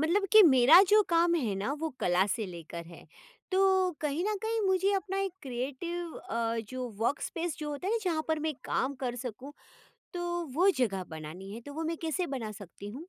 मतलब कि मेरा जो काम है ना वो कला से लेकर है। तो कहीं न कहीं मुझे अपना एक क्रिएटिव अ, जो वर्कस्पेस जो होता है ना जहाँ पर मैं काम कर सकूँ, तो वो जगह बनानी है। तो वो मैं कैसे बना सकती हूँ?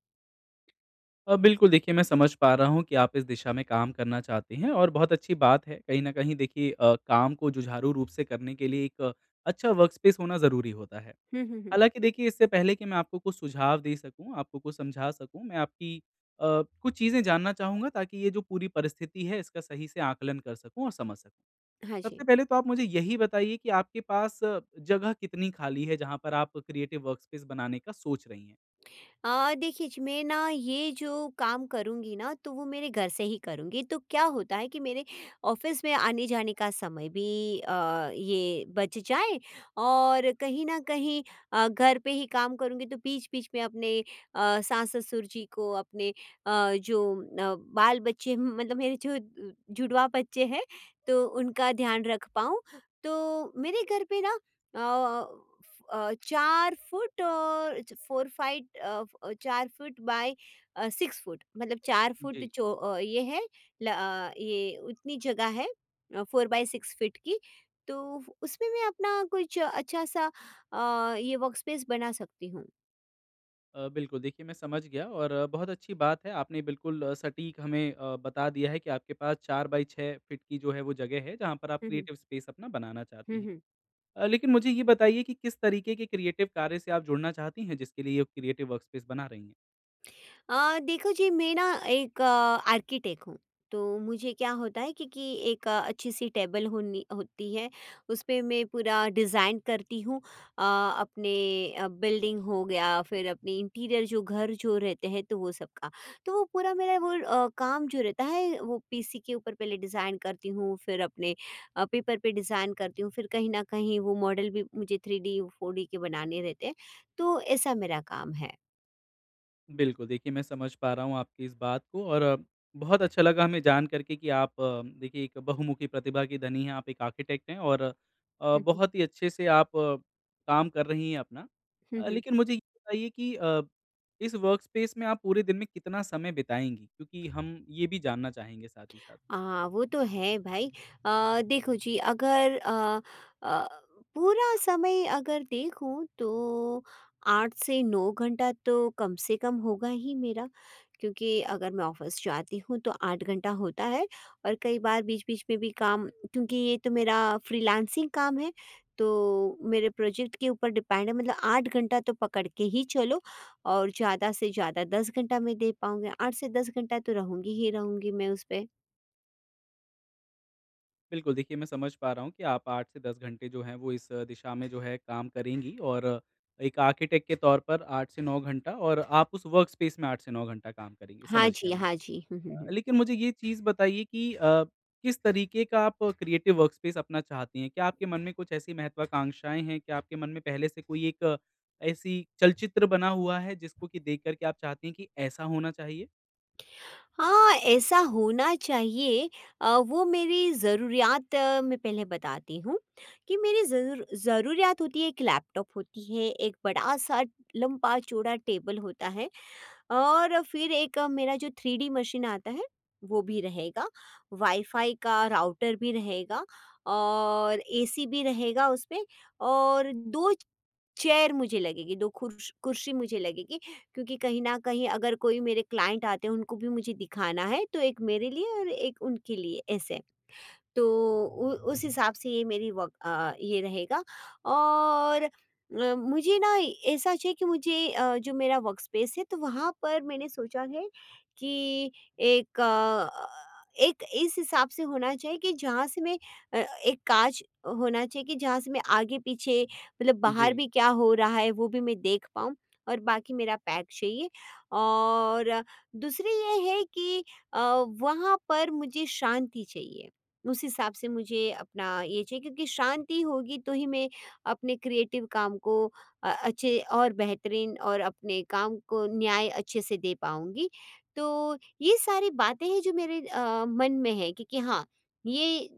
अ, बिल्कुल देखिए मैं समझ पा रहा हूँ कि आप इस दिशा में काम करना चाहती हैं और बहुत अच्छी बात है। कहीं न कहीं देखिए अ, काम को जुझारू रूप से करने के लिए एक अच्छा वर्कस्पेस होना ज़रूरी होता है। हुँ, हुँ, हुँ। हालाँकि देखिए इससे पहले कि मैं आपको कुछ सुझाव दे सकूँ, आपको कुछ समझा सकूँ मैं आपकी अ, कुछ चीज़ें जानना चाहूँगा ताकि ये जो पूरी परिस्थिति है इसका सही से आकलन कर सकूँ और समझ सकूँ। हाँ सबसे जी। पहले तो आप मुझे यही बताइए कि आपके पास जगह कितनी खाली है जहाँ पर आप क्रिएटिव वर्कस्पेस बनाने का सोंच रही हैं? अ, देखिए जी मैं ना ये जो काम करूँगी ना, तो वो मेरे घर से ही करूँगी। तो क्या होता है कि मेरे ऑफ़िस में आने-जाने का समय भी अ, ये बच जाए और कहीं न कहीं अ, घर पे ही काम करूँगी तो बीच-बीच में अपने अ, सास-ससुर जी को, अपने अ, जो अ, बाल-बच्चे हम मतलब मेरे जो जुड़वा बच्चे हैं, तो उनका ध्यान रख पाऊँ। तो मेरे घर पे ना अ अ, फ अ, 4 फुट और च फोर फाइट अ अ, 4 फुट बाय अ, 6 फुट मतलब 4 फुट जी। जो अ, ये है ल अ, ये उतनी जगह है अ, 4 बाई 6 फीट की तो उसमें मैं अपना कुछ अच्छा सा अ, ये वर्कस्पेस बना सकती हूँ। अ, बिल्कुल देखिए मैं समझ गया और बहुत अच्छी बात है आपने बिल्कुल सटीक हमें अ, बता दिया है कि आपके पास 4 बाय 6 फीट की जो है वो जगह है, जहाँ पर आप हुँ, हुँ। क्रिएटिव स्पेस अपना बनाना चाहती हुँ, हैं। हुँ। अ, लेकिन मुझे ये बताइए कि किस तरीके के क्रिएटिव कार्य से आप जुड़ना चाहती हैं, जिसके लिए ये क्रिएटिव वर्कस्पेस बना रही हैं? अ, देखो जी मैं ना एक, आर्किटेक्ट हूँ, तो मुझे क्या होता है कि कि एक अच्छी-सी टेबल होनी होती है, उसपे मैं पूरा डिज़ाइन करती हूँ अ, अपने अ, बिल्डिंग हो गया फिर अपनी इंटीरियर जो घर जो रहते हैं, तो वो सबका। तो वो पूरा मेरा वो अ, काम जो रहता है वो पीसी के ऊपर पहले डिज़ाइन करती हूँ फिर अपने अ, पेपर पे डिज़ाइन करती हूँ फिर कहीं न कहीं वो मॉडल भी मुझे 3D, 4D के बनाने रहते हैं, तो ऐसा मेरा काम है। बिल्कुल, देखिए मैं समझ पा रहा हूँ आपकी इस बात को। और बहुत अच्छा लगा हमें जान करके कि आप देखिए एक बहुमुखी प्रतिभा की धनी है, आप एक आर्किटेक्ट हैं और अ, हुँ, हुँ। बहुत ही अच्छे से आप काम कर रही है अपना। हुँ, अ, हुँ। लेकिन मुझे ये बताइए कि अ, इस वर्कस्पेस में आप पूरे दिन में कितना समय बिताएँगी, क्योंकि हम ये भी जानना चाहेंगे साथ ही साथ? हाँ, वो तो है भाई। अ, देखो जी अगर अ अ, पूरा समय अगर देखूँ तो 8 से 9 घंटा तो कम से कम होगा ही मेरा। क्योंकि अगर मैं ऑफिस जाती हूँ, तो 8 घंटा होता है और कई बार बीच-बीच में भी काम क्योंकि ये तो मेरा फ्रीलांसिंग काम है, तो मेरे प्रोजेक्ट के ऊपर डिपेंड है। मतलब 8 घंटा तो पकड़ के ही चलो और ज़्यादा से ज़्यादा 10 घंटा मैं दे पाऊँगी, 8 से 10 घंटा तो रहूँगी ही रहूँगी मैं उस पे। बिल्कुल, देखिए मैं समझ पा रहा हूँ कि आप 8 से 10 घंटे जो है वो इस दिशा में जो है काम करेंगी और एक आर्किटेक्ट के तौर पर 8 से 9 घंटा और आप उस वर्कस्पेस में 8 से 9 घंटा काम करेंगी, हाँ समझ गया जी, मैं। हाँ जी। हुँ, हुँ, अ, हुँ। लेकिन मुझे ये चीज़ बताइए कि अ, किस तरीके का आप क्रिएटिव वर्कस्पेस अपना चाहती हैं? क्या आपके मन में कुछ ऐसी महत्वाकांक्षाएँ हैं? क्या आपके मन में पहले से कोई एक ऐसी चलचित्र बना हुआ है जिसको की देख कर के आप चाहती हैं कि ऐसा होना चाहिए? हाँ, ऐसा होना चाहिए, अ, वो मेरी ज़रुरयात मैं पहले बताती हूँ। कि मेरी ज़रूर ज़रुरयात होती है 1 लैपटॉप होती है 1 बड़ा-सा लम्बा चौड़ा टेबल होता है, और फिर 1 मेरा जो थ्रीडी मशीन आता है, वो भी रहेगा, वाईफाई का राउटर भी रहेगा और एसी भी रहेगा उसमें और 2 चेयर मुझे लगेगी 2 खुर्स कुर्सी मुझे लगेगी। क्योंकि कहीं न कहीं अगर कोई मेरे क्लाइंट आते हैं उनको भी मुझे दिखाना है, तो 1 मेरे लिए और 1 उनके लिए ऐसे। तो उ उस हिसाब से ये मेरी वर्क अ, ये रहेगा और अ, मुझे ना ऐसा चाहिए कि मुझे अ, जो मेरा वर्कस्पेस है तो वहाँ पर मैंने सोचा है कि एक अ अ, एक इस हिसाब से होना चाहिए कि जहाँ से मैं अ, एक काँच होना चाहिए कि जहाँ से मैं आगे पीछे मतलब बाहर जी। भी क्या हो रहा है वो भी मैं देख पाऊँ और बाकी मेरा पैक चाहिए और दूसरी ये है कि अ, वहाँ पर मुझे शांति चाहिए। उस हिसाब से मुझे अपना ये चाहिए क्योंकि शांति होगी तो ही मैं अपने क्रिएटिव काम को अ, अच्छे और बेहतरीन और अपने काम को न्याय अच्छे से दे पाऊँगी। तो ये सारी बातें हैं जो मेरे अ, मन में है क्योंकि हाँ, ये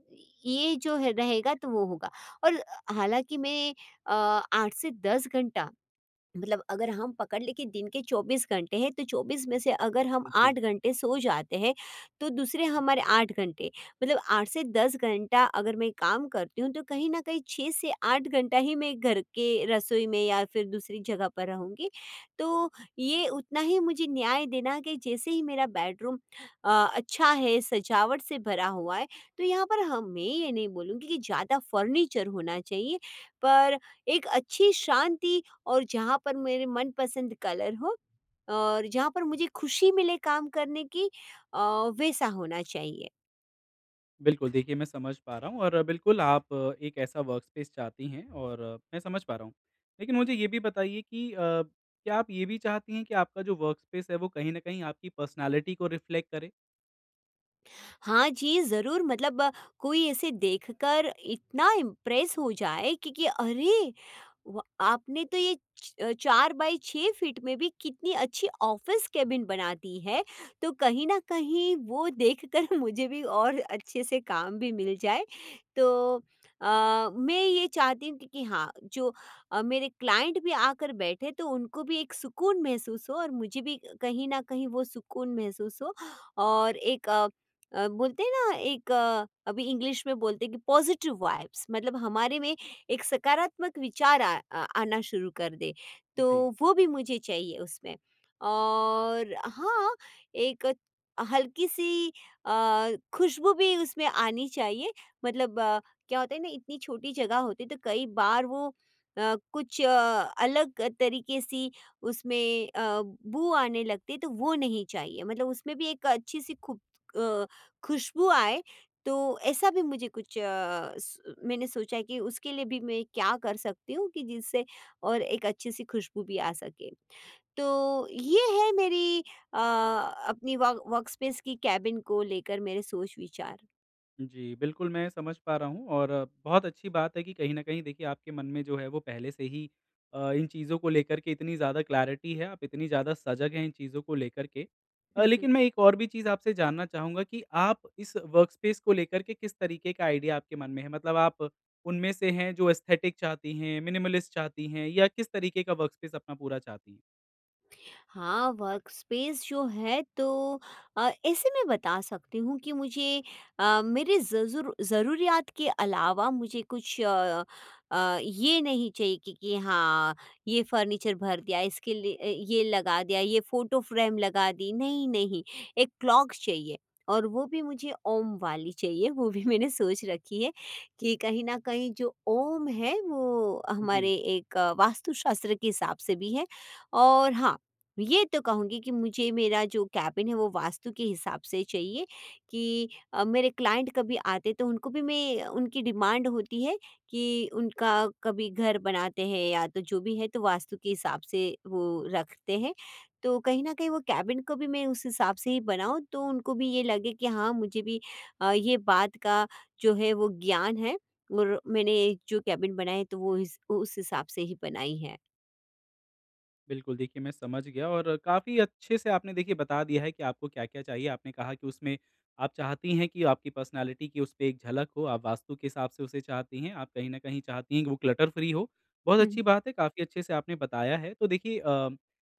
ये जो है रहेगा तो वो होगा। और हालाँकि मैं अ, 8 से 10 घंटा, मतलब अगर हम पकड़ ले के दिन के 24 घंटे है तो 24 में से अगर हम अ, जी। 8 घंटे सो जाते हैं, तो दूसरे हमारे 8 घंटे, मतलब 8 से 10 घंटा अगर मैं काम करती हूँ तो कहीं न कहीं 6 से 8 घंटा ही मैं घर के रसोई में या फिर दूसरी जगह पर रहूँगी। तो ये उतना ही मुझे न्याय देना कि जैसे ही मेरा बेडरूम अ, अच्छा है सजावट से भरा हुआ है, तो यहाँ पर हाँ मैं ये नहीं बोलूँगी कि ज़्यादा फर्नीचर होना चाहिए पर एक अच्छी शांति और जहाँ पर मेरे मनपसंद कलर हो और जहाँ पर मुझे खुशी मिले काम करने की अ, वैसा होना चाहिए। बिल्कुल, देखिए मैं समझ पा रहा हूँ और बिल्कुल आप एक ऐसा वर्कस्पेस चाहती हैं और मैं समझ पा रहा हूँ। लेकिन मुझे ये भी बताइए कि अ, क्या आप ये भी चाहतीं हैं कि आपका जो वर्कस्पेस है वो कहीं न कहीं आपकी पर्सनैलिटी को रिफ्लेक्ट करे? हाँ जी, ज़रूर मतलब अ, कोई ऐसे देखकर इतना इम्प्रेस हो जाए कि कि अरे, व आपने तो ये च 4 बाई 6 फीट में भी कितनी अच्छी ऑफिस केबिन बना दी है। तो कहीं न कहीं वो देखकर मुझे भी और अच्छे से काम भी मिल जाए। तो अ, मैं ये चाहती हूँ, कि कि हाँ, जो अ, मेरे क्लाइंट भी आकर बैठें तो उनको भी एक सुकून महसूस हो और मुझे भी कहीं न कहीं वो सुकून महसूस हो। और एक अ अ, बोलते हैं ना एक अभी इंग्लिश में बोलते हैं कि पॉजिटिव वाइब्स, मतलब हमारे में एक सकारात्मक विचार आ आना शुरू कर दे, जी। तो वो भी मुझे चाहिए उसमें। और हाँ, एक हल्की-सी अ, खुशबू भी उसमें आनी चाहिए मतलब अ, क्या होता है ना इतनी छोटी जगह होती है, तो कई बार वो अ, कुछ अ, अलग तरीके सी उसमें अ, बू आने लगती है तो वो नहीं चाहिए मतलब उसमें भी एक अच्छी सी खु अ, खुशबू आए, तो ऐसा भी मुझे कुछ अ, स मैंने सोचा है, कि उसके लिए भी मैं क्या कर सकती हूँ? कि जिससे और एक अच्छी सी खुशबू भी आ सके। तो, ये है मेरी अ, अपनी वर्क वर्कस्पेस की केबिन को लेकर मेरे सोच-विचार। जी, बिल्कुल, मैं समझ पा रहा हूँ और बहुत अच्छी बात है कि कहीं न कहीं देखिए, आपके मन में जो है, वो पहले से ही अ, इन चीज़ों को लेकर के इतनी ज़्यादा क्लैरिटी है, आप इतनी ज़्यादा सजग हैं इन चीज़ों को लेकर के। अ, हुँ, हुँ। लेकिन मैं एक और भी चीज़ आपसे जानना चाहूँगा कि आप इस वर्क स्पेस को लेकर के किस तरीके का आइडिया आपके मन में है? मतलब आप उनमें से हैं, जो एसथेटिक चाहती हैं, मिनिमलिस्ट चाहती हैं, या किस तरीके का वर्क स्पेस अपना पूरा चाहती हैं? हाँ, वर्क स्पेस जो है, तो अ, ऐसे में बता सकती हूँ कि मुझे अ, मेरे ज़ ज़रू ज़रूरियत के अलावा मुझे कुछ अ, ये नहीं चाहिए कि कि हाँ, ये फर्नीचर भर दिया। इसके लिए अ, ये लगा दिया, ये फ़ोटो फ्रेम लगा दी। नहीं, नहीं, एक क्लॉक चाहिए और वो भी मुझे ओम वाली चाहिए। वो भी मैंने सोच रखी है कि कहीं न कहीं, जो ओम है, वो जी। हमारे एक वास्तुशास्त्र के हिसाब से भी है, और हाँ, ये तो कहूँगी कि मुझे, मेरा जो कैबिन है, वो वास्तु के हिसाब से ही चाहिए कि अ, मेरे क्लाइंट कभी आते, तो उनको भी मैं उनकी डिमांड होती है कि उनका कभी घर बनाते हैं, या तो जो भी है, तो वास्तु के हिसाब से वो रखते हैं। तो कहीं न कहीं, वो कैबिन को भी मैं उस हिसाब से ही बनाऊँ, तो उनको भी ये लगे कि हाँ, मुझे भी अ, ये बात का जो है, वो ज्ञान है और मैंने जो कैबिन बनाए, तो वो इस उ उस हिसाब से ही बनाई है। बिल्कुल, देखिए मैं समझ गया और काफ़ी अच्छे से आपने देखिए बता दिया है कि आपको क्या-क्या चाहिए। आपने कहा कि उसमें आप चाहती हैं कि आपकी पर्सनैलिटी की उसपे एक झलक हो। आप वास्तु के हिसाब से उसे चाहती हैं, आप कहीं न कहीं चाहती है कि वो क्लटर-फ्री हो। बहुत हुँ, अच्छी हुँ। बात है काफ़ी अच्छे से आपने बताया है। तो देखिए अ,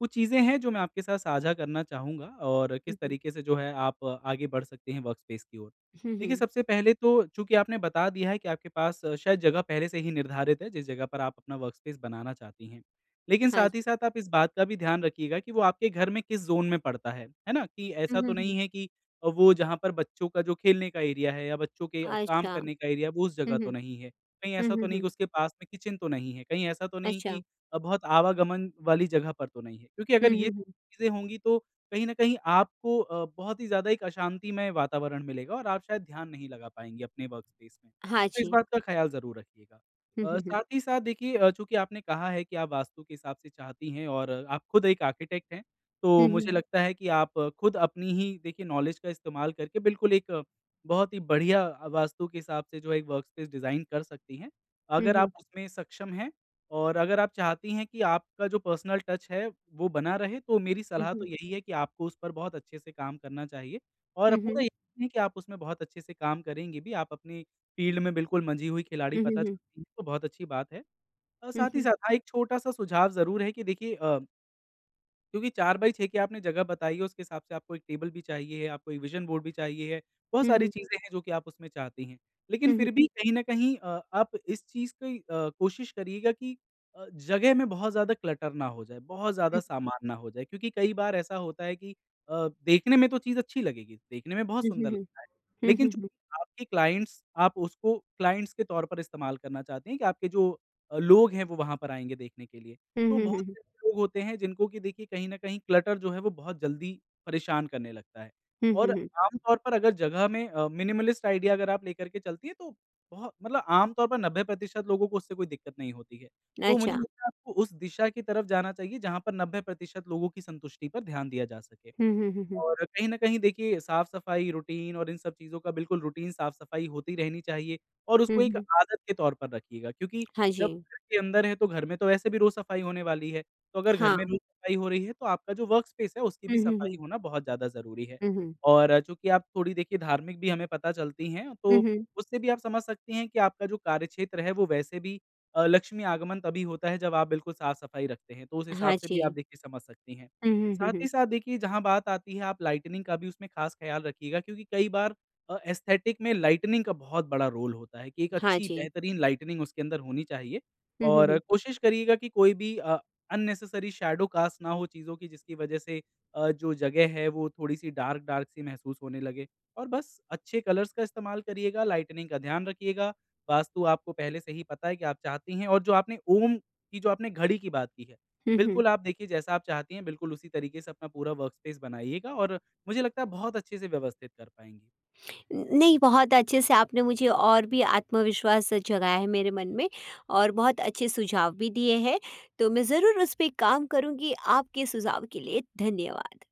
कुछ चीज़ें हैं जो मैं आपके साथ साझा करना चाहूँगा और हुँ, किस हुँ। तरीके से जो है आप आगे बढ़ सकते हैं वर्कस्पेस की ओर। हुँ, देखिए हुँ। सबसे पहले तो चूँकि आपने बता दिया है कि आपके पास शायद जगह पहले से ही निर्धारित है जिस जगह पर आप अपना वर्कस्पेस बनाना चाहती है। लेकिन हाँ साथ ही जी। साथ आप इस बात का भी ध्यान रखिएगा कि वो आपके घर में किस ज़ोन में पड़ता है, है ना? कि हुँ, ऐसा तो हुँ, हुँ। नहीं है कि वो जहाँ पर बच्चों का जो खेलने का एरिया है या बच्चों के काम अच्छा। करने का एरिया है वो उस हुँ, जगह तो हुँ। नहीं है। कहीं हुँ, ऐसा तो हुँ, नहीं है हुँ। कि उसके पास में किचन तो नहीं है। कहीं ऐसा तो नहीं अच्छा। कि बहुत आवागमन वाली जगह पर तो नहीं है। क्योंकि हुँ, अगर ये हुँ, हुँ। चीज़ें होंगी तो कहीं न कहीं आपको अ, बहुत ही ज्यादा एक अशांतिमय वातावरण मिलेगा और आप शायद ध्यान नहीं लगा पाएँगे अपने वर्कस्पेस में। हाँ तो इस जी। बात का ख्याल ज़रूर रखिएगा। हुँ, अ, हुँ, हुँ। साथ ही साथ देखिए अ, चूँकि आपने कहा है कि आप वास्तु के हिसाब से चाहती हैं और आप खुद एक आर्किटेक्ट हैं। हुँ, तो हुँ। मुझे लगता है कि आप खुद अपनी ही देखिए नॉलेज का इस्तेमाल करके बिल्कुल एक बहुत ही बढ़िया वास्तु के हिसाब से जो एक वर्कस्पेस डिजाइन कर सकती हैं। हुँ, अगर आप हुँ। उसमें सक्षम है और अगर आप चाहती हैं कि आपका जो पर्सनल टच है वो बना रहे तो मेरी हुँ, सलाह तो हुँ। यही है कि आपको उस पर बहुत अच्छे से काम करना चाहिए, और हुँ, पूरा हुँ। यकीन है कि आप उसमें बहुत अच्छे से काम करेंगे भी, आप अपनी फ़ील्ड में बिल्कुल मंझी हुई खिलाड़ी हुँ, हुँ, पता हुँ। चलती हैं तो बहुत अच्छी बात है। अ, हुँ, साथ ही हुँ। साथ हा एक छोटा-सा सुझाव जरूर है कि देखिए अ क्योंकि 4 बाई 6 की आपने जगह बताई है उसके हिसाब से आपको एक टेबल भी चाहिए, आपको ये विजन बोर्ड भी चाहिए। बहुत हुँ, सारी हुँ। चीज़ें हैं जो कि आप उसमें चाहती हैं। लेकिन हुँ, हुँ। फिर भी कहीं न कहीं अ, आप इस चीज़ की अ, कोशिश करिएगा कि अ, जगह में बहुत ज़्यादा क्लटर ना हो जाए, बहुत ज़्यादा हुँ। सामान ना हो जाए क्योंकि कई बार ऐसा होता है कि अ, देखने में तो चीज़ अच्छी लगेगी, देखने में बहुत हुँ, हुँ, सुंदर हुँ। लगता है। हुँ, लेकिन हुँ, जो हुँ। आपके क्लाइंट्स आप उसको क्लाइंट्स के तौर पर इस्तेमाल करना चाहते हैं कि आपके जो लोग हैं वो वहाँ पर आएँगे देखने के लिए। हुँ, तो हुँ, बहुत हुँ, हुँ। से लोग होते हैं जिनको कि देखिए कहीं न कहीं क्लटर जो है वो बहुत जल्दी परेशान करने लगता है हुँ, और हुँ, हुँ। आम तौर पर अगर जगह में अ, मिनिमलिस्ट आईडिया अगर आप लेकर के चलती है तो बहु मतलब आम तौर पर 90 प्रतिशत लोगों को उससे कोई दिक्कत नहीं होती है। तो मुझे अच्छा। लगता है आपको उस दिशा की तरफ जाना चाहिए जहाँ पर 90% लोगों की संतुष्टि पर ध्यान दिया जा सके हुँ, हुँ, हुँ, हुँ। और कहीं न कहीं देखिए साफ सफाई, रूटीन और इन सब चीज़ों का बिल्कुल रूटीन साफ-सफाई होती रहनी चाहिए और हुँ, उसको एक हुँ। आदत के तौर पर रखिएगा क्योंकि हाँ जब जी। घर के अंदर हैं तो घर में तो वैसे भी रोज़ सफाई होने वाली है। तो अगर घर में हाँ। रोज़ सफाई हो रही है तो आपका जो वर्कस्पेस है उसकी हुँ, भी हुँ, सफाई हुँ। होना बहुत ज़्यादा ज़रूरी है हुँ, हुँ। और चूँकि आप थोड़ी देखिए धार्मिक भी हमें पता चलती हैं, हुँ, तो हुँ। उससे भी आप समझ सकती हैं कि आपका जो कार्यक्षेत्र है वो वैसे भी अ, लक्ष्मी आगमन तभी होता है जब आप बिल्कुल साफ-सफाई रखते हैं। तो उस हिसाब हाँ से भी आप जी। देखिए समझ सकती हैं, हुँ, हुँ, हुँ, साथ ही हुँ। साथ देखिए जहाँ बात आती है आप लाइटनिंग का भी उसमें खास ख्याल रखिएगा क्योंकि कई बार अ, एस्थेटिक में लाइटनिंग का बहुत बड़ा रोल होता है कि एक हाँ अच्छी जी। बेहतरीन लाइटनिंग उसके अंदर होनी चाहिए हुँ, हुँ, और हुँ। कोशिश करिएगा कि कोई भी अ, अननेसेसरी शैडो कास्ट ना हो चीज़ों की जिसकी वजह से अ, जो जगह है वो थोड़ी सी डार्क-डार्क सी महसूस होने लगे और बस अच्छे कलर्स का इस्तेमाल करिएगा, लाइटनिंग का ध्यान रखियेगा, वास्तु आपको पहले से ही पता है कि आप चाहती हैं और जो आपने ओम की जो आपने घड़ी की बात की है हुँ, हुँ। बिल्कुल आप देखिए जैसा आप चाहती हैं बिल्कुल उसी तरीके से अपना पूरा वर्कपेस बनाइएगा और मुझे लगता है बहुत अच्छे से व्यवस्थित कर पाएँगी। नहीं बहुत अच्छे से आपने मुझे और भी आत्मविश्वास जगाया है मेरे मन में और बहुत अच्छे सुझाव भी दिए हैं। तो मैं ज़रूर उस पे काम करूँगी। आपके सुझाव के लिए धन्यवाद।